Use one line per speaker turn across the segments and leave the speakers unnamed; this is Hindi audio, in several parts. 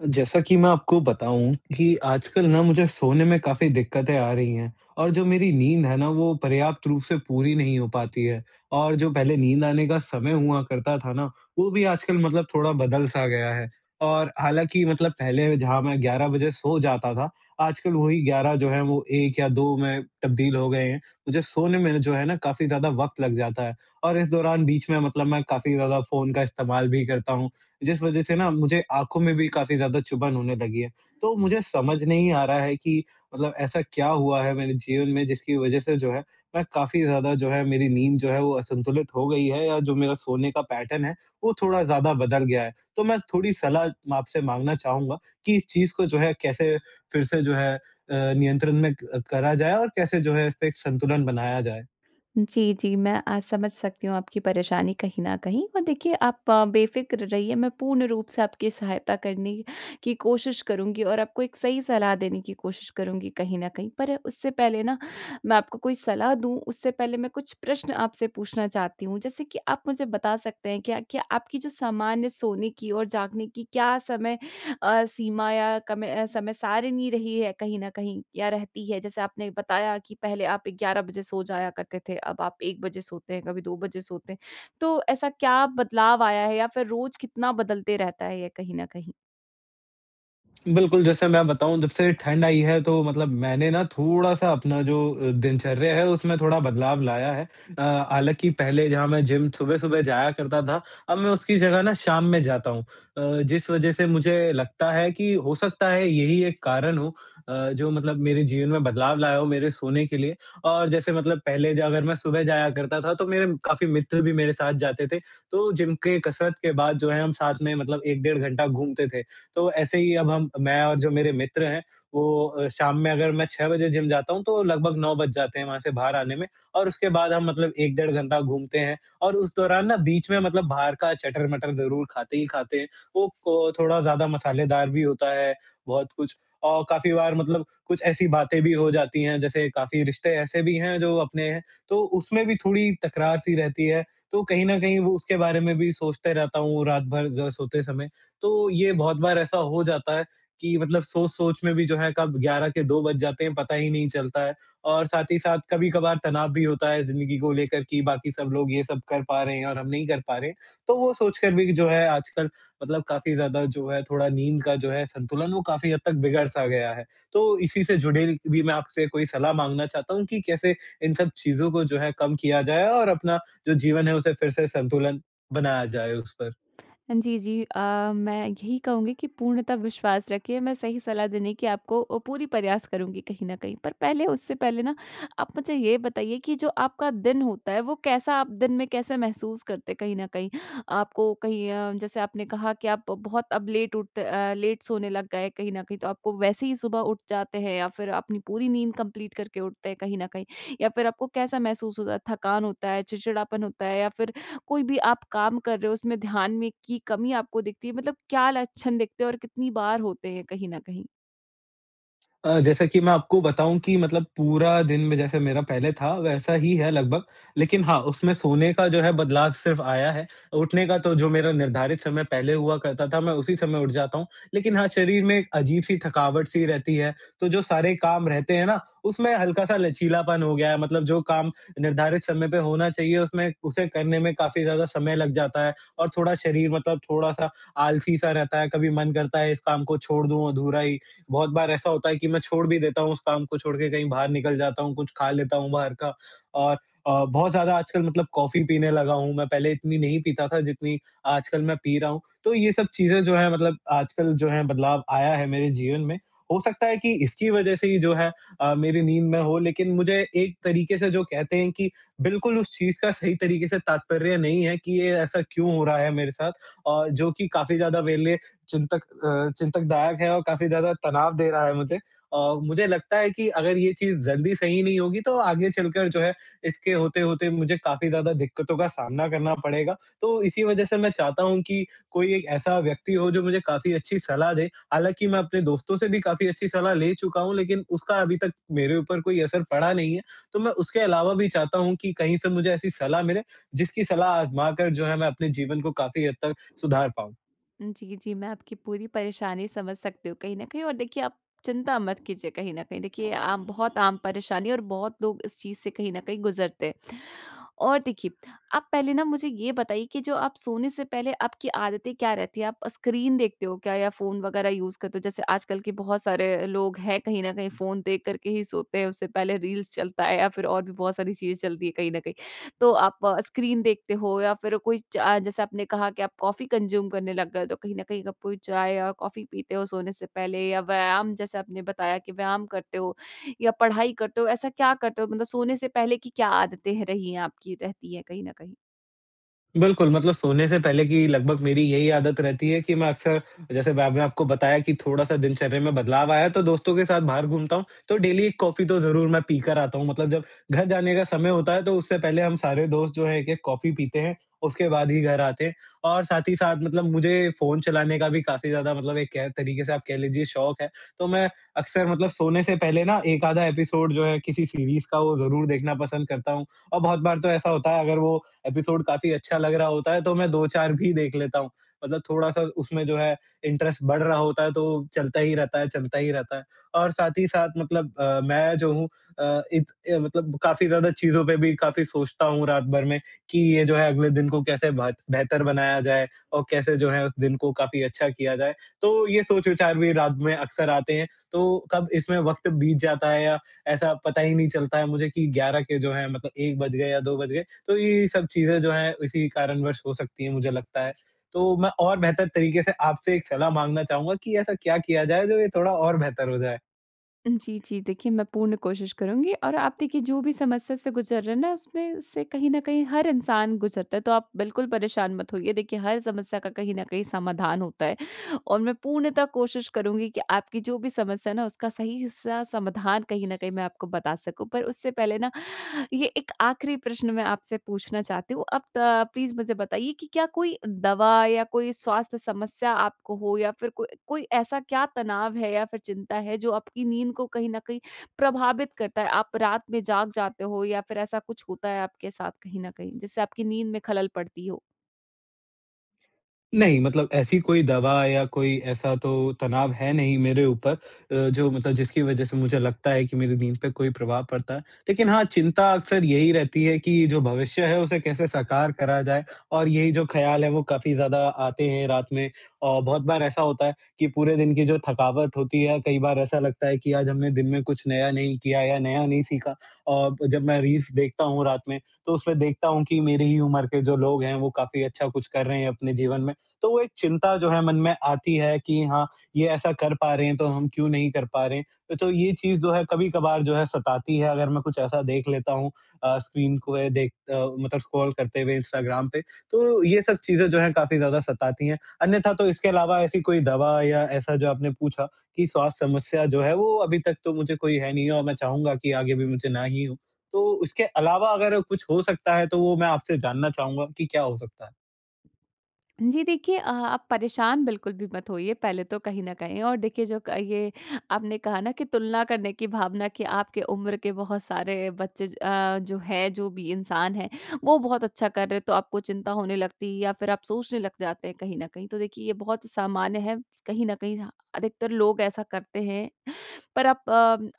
जैसा कि मैं आपको बताऊँ कि आजकल ना मुझे सोने में काफ़ी दिक्कतें आ रही हैं और जो मेरी नींद है ना, वो पर्याप्त रूप से पूरी नहीं हो पाती है और जो पहले नींद आने का समय हुआ करता था ना, वो भी आजकल मतलब थोड़ा बदल-सा गया है। और हालाँकि, मतलब पहले जहाँ मैं 11 बजे सो जाता था, आजकल वही 11 जो है, वो 1 या 2 में तब्दील हो गए हैं। मुझे सोने में जो है ना, काफ़ी ज़्यादा वक़्त लग जाता है और इस दौरान बीच में मतलब मैं काफ़ी ज़्यादा फ़ोन का इस्तेमाल भी करता हूँ, जिस वजह से ना मुझे आँखों में भी काफ़ी ज़्यादा चुभन होने लगी है। तो मुझे समझ नहीं आ रहा है कि मतलब ऐसा क्या हुआ है मेरे जीवन में, जिसकी वजह से जो है, मैं काफ़ी ज़्यादा जो है, मेरी नींद जो है, वो असंतुलित हो गई है? या जो मेरा सोने का पैटर्न है, वो थोड़ा ज़्यादा बदल गया है? तो मैं थोड़ी सलाह आपसे माँगना चाहूँगा कि इस चीज़ को जो है, कैसे फिर से जो है अ, नियंत्रण में क अ, करा जाए और कैसे जो है, इसपे एक संतुलन बनाया जाए?
जी, जी, मैं अ, समझ सकती हूँ आपकी परेशानी कहीं न कहीं, पर देखिए, आप बेफ़िक्र रहिए। मैं पूर्ण रूप से आपकी सहायता करने की कोशिश करुँगी और आपको एक सही सलाह देने की कोशिश करुँगी, कहीं न कहीं। पर उससे पहले ना, मैं आपको कोई सलाह दूँ, उससे पहले मैं कुछ प्रश्न आपसे पूछना चाहती हूँ, जैसे कि आप मुझे बता सकते हैं क्या, कि आपकी जो सामान्य सोने की और जागने की क्या समय अ, सीमा या कमे अ, समय सारणी रही है कहीं न कहीं, या रहती है? जैसे आपने बताया कि पहले आप ए 11 बजे सो जाया करते थे, अब आप 1 बजे सोते हैं, कभी 2 बजे सोते हैं। तो ऐसा क्या बदलाव आया है, या फिर रोज़ कितना बदलते रहता है ये कहीं न कहीं?
बिल्कुल, जैसे मैं बताऊँ जब से ठंड आई है तो मतलब मैंने ना थोड़ा-सा अपना जो अ, दिनचर्या है उसमें थोड़ा बदलाव लाया है। अ, हालाँकि पहले जहाँ मैं जिम सुबह-सुबह जाया करता था, अब मैं उसकी जगह ना शाम में जाता हूँ। अ, जिस वजह से मुझे लगता है कि हो सकता है यही एक कारण हो अ, जो मतलब मेरे जीवन में बदलाव लाया हो मेरे सोने के लिए और जैसे मतलब पहले अगर मैं सुबह जाया करता था तो मेरे काफ़ी मित्र भी मेरे साथ जाते थे। तो जिम के कसरत के बाद जो है, हम साथ में मतलब 1 डेढ़ घंटा घूमते थे। तो ऐसे ही अब हम मैं और जो मेरे मित्र हैं वो अ, शाम में अगर मैं 6 बजे जिम जाता हूँ, तो लगभग 9 बज जाते हैं वहाँ से बाहर आने में और उसके बाद हम मतलब 1 डेढ़ घंटा घूमते हैं और उस दौरान ना बीच में मतलब बाहर का चटर-मटर ज़रूर खाते ही खाते हैं। वो फ थोड़ा ज़्यादा मसालेदार भी होता है बहुत कुछ और काफ़ी बार मतलब कुछ ऐसी बातें भी हो जाती हैं जैसे काफ़ी रिश्ते ऐसे भी हैं जो अपने हैं। तो उसमें भी थोड़ी तकरार-सी रहती है। तो कहीं न कहीं वो उसके बारे में भी सोचता रहता हूँ रात भर ज सोते समय। तो ये बहुत बार ऐसा हो जाता है कि मतलब सोच-सोच में भी जो है कब 11 के 2 बज जाते हैं पता ही नहीं चलता है और साथ ही साथ कभी-कभार तनाव भी होता है, ज़िंदगी को लेकर कि बाकी सब लोग ये सब कर पा रहे हैं और हम नहीं कर पा रहे हैं। तो वो सोच कर भी जो है आजकल मतलब काफ़ी ज़्यादा जो है थोड़ा नींद का जो है संतुलन, वो काफ़ी हद तक बिगड़-सा गया है। तो इसी से जुड़े भी मैं आपसे कोई सलाह माँगना चाहता हूँ कि कैसे इन सब चीज़ों को जो है, कम किया जाए और अपना जो जीवन है उसे फिर से संतुलन बनाया जाए उस पर।
अ, जी, जी, अ, मैं यही कहूँगी कि पूर्णतः विश्वास रखिए, मैं सही सलाह देने की आपको ओ पूरी प्रयास करुँगी कहीं न कहीं। पर पहले उससे पहले ना आप मुझे ये बताइए कि जो आपका दिन होता है, वो कैसा आप दिन में कैसे महसूस करते हैं कहीं न कहीं? आपको कहीं अ, जैसे आपने कहा कि आप बहुत लेट उठते अ, लेट सोने लग गए हैं कहीं न कहीं। तो आपको वैसे ही सुबह उठ जाते हैं या फिर अपनी पूरी नींद कंप्लीट करके उठते हैं कहीं न कहीं? या फिर आपको कैसा महसूस होता है, थकान होता है, चिड़चिड़ापन होता है? या फिर कोई भी आप काम कर रहे हो उसमें ध्यान में की कमी आपको दिखती है? मतलब क्या लक्षण दिखते हैं और कितनी बार होते हैं कहीं न कहीं?
अ, जैसे कि मैं आपको बताऊँ कि मतलब पूरा दिन में जैसे मेरा पहले था वैसा ही है लगभग। लेकिन हाँ, उसमें सोने का जो है बदलाव सिर्फ़ आया है। उठने का तो जो मेरा निर्धारित समय पहले हुआ करता था, मैं उसी समय उठ जाता हूँ। लेकिन हाँ, शरीर में एक अजीब-सी थकावट सी रहती है। तो जो सारे काम रहते हैं ना उसमें हल्का-सा लचीलापन हो गया है। मतलब जो काम निर्धारित समय पे होना चाहिए उसमें उसे करने में काफ़ी ज़्यादा समय लग जाता है और थोड़ा शरीर मतलब थोड़ा-सा आलसी सा रहता है। कभी मन करता है इस काम को छोड़ दूँ अधूरा ही। बहुत बार ऐसा होता है कि मैं छोड़ भी देता हूँ उस काम को छोड़ के कहीं बाहर निकल जाता हूँ कुछ खा लेता हूँ बाहर का और अ, बहुत ज़्यादा आजकल मतलब कॉफ़ी पीने लगा हूँ मैं पहले इतनी नहीं पीता था जितनी आजकल मैं पी रहा हूँ। तो ये सब चीज़ें जो है मतलब आजकल जो है बदलाव आया है मेरे जीवन में। हो सकता है कि इसकी वज़ह से ही जो अ, मेरी नींद में हो लेकिन मुझे एक तरीके से जो कहते हैं कि बिल्कुल उस चीज़ का सही तरीके से तात्पर्य नहीं है कि ये ऐसा क्यों हो रहा है मेरे साथ? और जो कि काफ़ी ज़्यादा मेरे लिए चिंतक अ, चिंतकदायक है और काफ़ी ज़्यादा तनाव दे रहा है मुझे। अ, मुझे लगता है कि अगर ये चीज़ जल्दी सही नहीं होगी तो आगे चलकर जो है इसके होते-होते मुझे काफ़ी ज़्यादा दिक्कतों का सामना करना पड़ेगा। तो इसी वज़ह से मैं चाहता हूँ कि कोई एक ऐसा व्यक्ति हो जो मुझे काफ़ी अच्छी सलाह दे। हालाँकि मैं अपने दोस्तों से भी काफ़ी अच्छी सलाह ले चूका हूँ। लेकिन उसका अभी तक मेरे ऊपर कोई असर पड़ा नहीं है, तो मैं उसके अलावा भी चाहता हूँ कि कहीं से मुझे ऐसी सलाह मिले जिसकी सलाह आज़मा कर जो है मैं अपने जीवन को काफ़ी हद तक सुधार पाऊँ?
जी, जी, मैं आपकी पूरी परेशानी समझ सकती हूँ कहीं न कहीं और देखिए आप चिंता मत कीजिए कहीं न कहीं देखिए आम बहुत आम परेशानी है और बहुत लोग इस चीज़ से कहीं न कहीं गुज़रते हैं। और देखिए आप पहले ना मुझे ये बताइए कि जो आप सोने से पहले आपकी आदतें क्या रहती हैं? आप स्क्रीन देखते हो क्या? या फ़ोन वगैरह यूज़ करते हो? जैसे आजकल के बहुत सारे लोग हैं कहीं न कहीं फ़ोन देख करके ही सोते हैं, उससे पहले रील्स चलता है या फिर और भी बहुत सारी चीज़ें चलती है कहीं न कहीं। तो आप अ, स्क्रीन देखते हो या फिर कोई चा जैसे आपने कहा कि आप कॉफ़ी कन्ज्यूम करने लग गए हो। तो कहीं न कहीं आप कोई चाय या कॉफ़ी पीते हो सोने से पहले? या व्यायाम जैसे आपने बताया कि व्यायाम करते हो या पढ़ाई करते हो, ऐसा क्या करते हो? मतलब सोने से पहले की क्या आदतें रही हैं आपकी, रहती है कहीं न कहीं?
बिल्कुल, मतलब सोने से पहले की लगभग मेरी यही आदत रहती है कि मैं अक्सर जैसे मैंने आपको बताया कि थोड़ा-सा दिनचर्या में बदलाव आया है, तो दोस्तों के साथ बाहर घूमता हूँ। तो डेली 1 कॉफ़ी तो ज़रूर मैं पीकर आता हूँ। मतलब जब घर जाने का समय होता है तो उससे पहले हम सारे दोस्त जो हैं 1-1 कॉफ़ी पीते हैं। उसके बाद ही घर आते हैं और साथ ही साथ मतलब मुझे फ़ोन चलाने का भी काफ़ी ज़्यादा मतलब एक कह तरीके से आप कह लीजिए शौक़ है। तो मैं अक्सर मतलब सोने से पहले ना 1 आधा एपिसोड जो है किसी सीरीज़ का वो ज़रूर देखना पसंद करता हूँ और बहुत बार तो ऐसा होता है अगर वो एपिसोड काफ़ी अच्छा लग रहा होता है, तो मैं 2-4 भी देख लेता हूँ। मतलब थोड़ा-सा उसमें जो है इंटरेस्ट बढ़ रहा होता है तो चलता ही रहता है चलता ही रहता है। और साथ ही साथ मतलब अ, मैं जो हूँ अ, एक मतलब काफ़ी ज़्यादा चीज़ों पे भी काफ़ी सोचता हूँ रात भर में कि ये जो है अगले दिन को कैसे बहत बेहतर बनाया जाए और कैसे जो है उस दिन को काफ़ी अच्छा किया जाए। तो ये सोच-विचार भी रात में अक्सर आते हैं। तो कब इसमें वक़्त बीत जाता है या ऐसा पता ही नहीं चलता है मुझे कि 11 के जो है मतलब 1 बज गए या 2 बज गए। तो ये सब चीजें जो हैं, इसी कारणवश हो सकती हैं मुझे लगता है। तो मैं और बेहतर तरीके से आपसे एक सलाह माँगना चाहूँगा कि ऐसा क्या किया जाए, जो ये थोड़ा और बेहतर हो जाए?
जी, जी, देखिए मैं पूर्ण कोशिश करुँगी और आप देखिए जो भी समस्या से गुज़र रहे हैं ना उसमें से कहीं न कहीं हर इंसान गुज़रता है। तो आप बिल्कुल परेशान मत होइए। देखिए हर समस्या का कहीं न कहीं समाधान होता है और मैं पूर्णतः कोशिश करुँगी कि आपकी जो भी समस्या है ना, उसका सही-सा समाधान कहीं न कहीं मैं आपको बता सकूँ। पर उससे पहले ना ये एक आखिरी प्रश्न मैं आपसे पूछना चाहती हूँ। अब त प्लीज़ मुझे बताइए कि क्या कोई दवा या कोई स्वास्थ्य समस्या आपको हो? या फिर को कोई ऐसा क्या तनाव है या फिर चिंता है, जो आपकी नींद को कहीं न कहीं प्रभावित करता है? आप रात में जाग जाते हो या फिर ऐसा कुछ होता है आपके साथ? कहीं न कहीं, जिससे आपकी नींद में खलल पड़ती हो?
नहीं मतलब ऐसी कोई दवा या कोई ऐसा तो तनाव है नहीं मेरे ऊपर अ, जो मतलब जिसकी वज़ह से मुझे लगता है कि मेरी नींद पे कोई प्रभाव पड़ता है। लेकिन हाँ, चिंता अक्सर यही रहती है कि जो भविष्य है, उसे कैसे साकार करा जाए और यही जो ख़्याल है वो काफ़ी ज़्यादा आते हैं, रात में और बहुत बार ऐसा होता है कि पूरे दिन की जो थकावट होती है, कई बार ऐसा लगता है कि आज हमने दिन में कुछ नया नहीं किया या नया नहीं सीखा। अ, जब मैं रील्स देखता हूँ, रात में तो उसमें देखता हूँ कि मेरी ही उम्र के जो लोग हैं, वो काफ़ी अच्छा कुछ कर रहे हैं अपने जीवन में। तो वो एक चिंता जो है मन में आती है कि हाँ, ये ऐसा कर पा रहे हैं तो हम क्यों नहीं कर पा रहे हैं? तो ये चीज़ जो है कभी-कभार जो है सताती है अगर मैं कुछ ऐसा देख लेता हूँ अ, स्क्रीन को देख अ, मतलब स्क्रॉल करते हुए इंस्टाग्राम पे। तो ये सब चीज़ें जो हैं काफ़ी ज़्यादा सताती हैं। अन्यथा तो इसके अलावा ऐसी कोई दवा या ऐसा जो आपने पूछा कि स्वास्थ्य समस्या जो है वो अभी तक तो मुझे कोई है नहीं और मैं चाहूँगा कि आगे भी मुझे ना ही हो। तो उसके अलावा अगर कुछ हो सकता है, तो वो मैं आपसे जानना चाहूँगा कि क्या हो सकता है?
जी, देखिए अ आप परेशान बिल्कुल भी मत होइए, पहले तो कहीं न कहीं और देखिए जो क अ, ये आपने कहा न कि तुलना करने की भावना कि आपके उम्र के बहुत सारे बच्चे जो अ, जो हैं जो भी इंसान हैं, वो बहुत अच्छा कर रहे हैं तो आपको चिंता होने लगती है या फिर आप सोचने लग जाते हैं कहीं न कहीं। तो देखिए ये बहुत सामान्य है। कहीं न कहीं ह अधिकतर लोग ऐसा करते हैं। पर आप अ,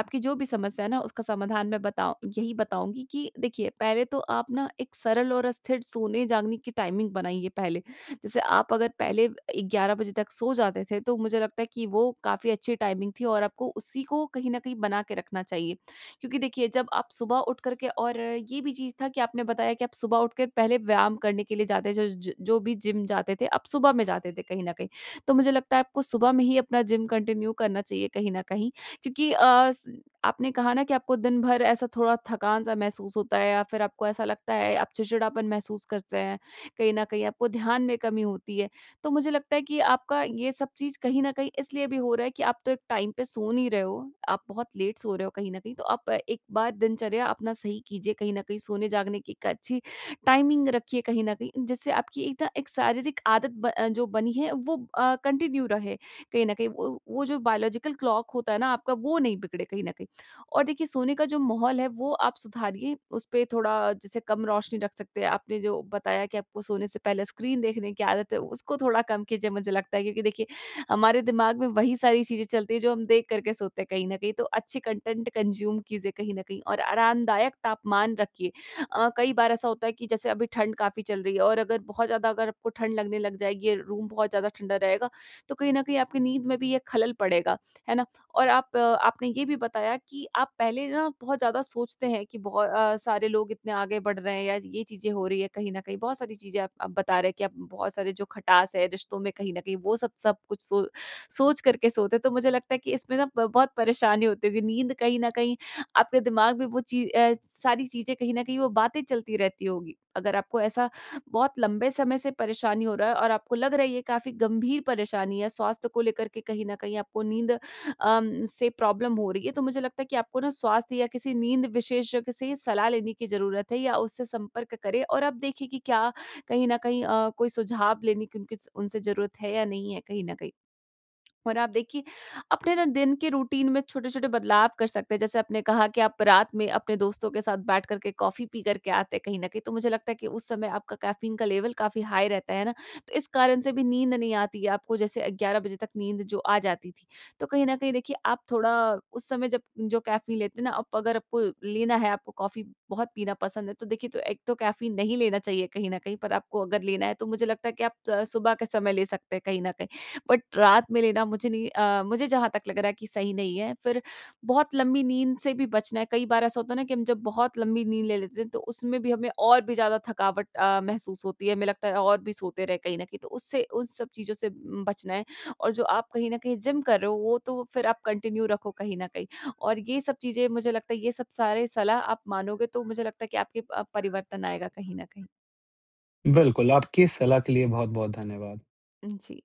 आपकी जो भी समस्या है ना, उसका समाधान मैं बतऊ यही बताऊँगी कि देखिए पहले तो आप ना, एक सरल और स्थिर सोने जागने की टाइमिंग बनाइए पहले। जैसे आप अगर पहले ए, 11 बजे तक सो जाते थे तो मुझे लगता है कि वो काफ़ी अच्छी टाइमिंग थी। और आपको उसी को कहीं न कहीं बना के रखना चाहिए। क्योंकि देखिए जब आप सुबह उठ करके और ये भी चीज़ था कि आपने बताया कि आप सुबह उठकर पहले व्यायाम करने के लिए जाते थे। ज ज जो भी जिम जाते थे, आप सुबह में जाते थे कहीं न कहीं। तो मुझे लगता है आपको सुबह में ही अपना जिम कंटिन्यू करना चाहिए कहीं न कहीं। क्योंकि अ, स आपने कहा ना कि आपको दिन भर ऐसा थोड़ा थकान-सा महसूस होता है या फिर आपको ऐसा लगता है आप चिड़चिड़ापन महसूस करते हैं, कहीं न कहीं आपको ध्यान में कमी होती है। तो मुझे लगता है कि आपका ये सब चीज़ कहीं न कहीं इसलिए भी हो रहा है कि आप तो एक टाइम पे सो नहीं रहे हो। आप बहुत लेट सो रहे हो कहीं न कहीं तो आप एक बार दिनचर्या अपना सही कीजिए कहीं न कहीं सोने जागने की एक अच्छी टाइमिंग रखिए कहीं न कहीं। जिससे आपकी एक न, एक शारीरिक आदत ब अ, जो बनी है। वो अ, कंटिन्यू रहे, कहीं न कहीं व वो जो बायोलॉजिकल क्लॉक होता है ना आपका वो नहीं बिगड़े कहीं न कहीं। और देखिए सोने का जो माहौल है वो आप सुधारिए। उसपे थोड़ा जैसे कम रोशनी रख सकते है। आपने जो बताया कि आपको सोने से पहले स्क्रीन देखने की आदत है, उसको थोड़ा कम कीजिए मुझे लगता है क्योंकि देखिए हमारे दिमाग में वही सारी चीज़ें चलती हैं, जो हम देख कर के सोते हैं कहीं न कहीं। तो अच्छी कंटेंट कन्ज़्यूम कीजिए कहीं न कहीं और आरामदायक तापमान रखिए। अ, कई बार ऐसा होता है कि जैसे अभी ठंड काफ़ी चल रही है और अगर बहुत ज़्यादा अगर आपको ठंड लगने लग जाएगी, रूम बहुत ज़्यादा ठंडा रहेगा, तो कहीं न कहीं आपकी नींद में भी ये खलल पड़ेगा, है ना? और आप आपने ये भी बताया कि आप पहले ना, बहुत ज़्यादा सोचते हैं कि बहु अ, सारे लोग इतने आगे बढ़ रहे हैं या ये चीज़ें हो रही हैं कहीं न कहीं बहुत सारी चीज़ें आप आप बता रहे हैं कि बहुत सारे जो खटास है रिश्तों में कहीं न कहीं वो सब सब कुछ सो सोच करके सोते हैं। तो मुझे लगता है कि इसमें ना ब बहुत परेशानी होती होगी नींद कहीं न कहीं आपके दिमाग में वो चीज़ अ, सारी चीज़ें कहीं न कहीं वो बातें चलती रहती होगी। अगर आपको ऐसा बहुत लंबे समय से परेशानी हो रहा है और आपको लग रही है ये काफ़ी गंभीर परेशानी है स्वास्थ्य को लेकर के कहीं न कहीं आपको नींद अम, से प्रॉब्लम हो रही है। तो मुझे लगता है कि आपको ना स्वास्थ्य या किसी नींद विशेषज्ञ से सलाह लेने की ज़रूरत है या उससे संपर्क करें और आप देखिए कि क्या कहीं न कहीं अ, कोई सुझाव लेने की उनकी स उनसे ज़रूरत है या नहीं है कहीं न कहीं। और आप देखिए अपने ना दिन के रूटीन में छोटे-छोटे बदलाव कर सकते हैं। जैसे आपने कहा कि आप रात में अपने दोस्तों के साथ बैठ करके कॉफ़ी पी कर के आते हैं कहीं न कहीं। तो मुझे लगता है कि उस समय आपका कैफ़ीन का लेवल काफ़ी हाई रहता है ना। तो इस कारण से भी नींद नहीं आती है। आपको जैसे अ, 11 बजे तक नींद जो आ जाती थी। तो कहीं न कहीं देखिए आप थोड़ा उस समय जब जो कैफ़ीन लेते हैं ना आप अगर आपको लेना है आपको कॉफ़ी बहुत पीना पसंद है। तो देखिए एक तो कैफ़ीन नहीं लेना चाहिए कहीं न कहीं, पर आपको अगर लेना है तो मुझे लगता है कि आप त सुबह के समय ले सकते हैं कहीं न कहीं। बट रात में लेना मुझे नहीं अ, मुझे जहाँ तक लग रहा है कि सही नहीं है। फिर बहुत लंबी नींद से भी बचना है कई बार ऐसा होता है ना कि हम जब बहुत लंबी नींद ले लेते हैं, तो उसमें भी हमें और भी ज़्यादा थकावट अ, महसूस होती है हमें लगता है और भी सोते रहे कहीं न कहीं। तो उससे उस सब चीज़ों से बचना है और जो आप कहीं न कहीं जिम कर रहे हो वो तो फिर आप कंटिन्यू रखो कहीं न कहीं और ये सब चीज़ें मुझे लगता है ये सब सारे सलाह आप मानोगे तो मुझे लगता है कि आपके अ, परिवर्तन आएगा कहीं न कहीं।
बिल्कुल, आपकी इस सलाह के लिए बहुत-बहुत धन्यवाद।
जी।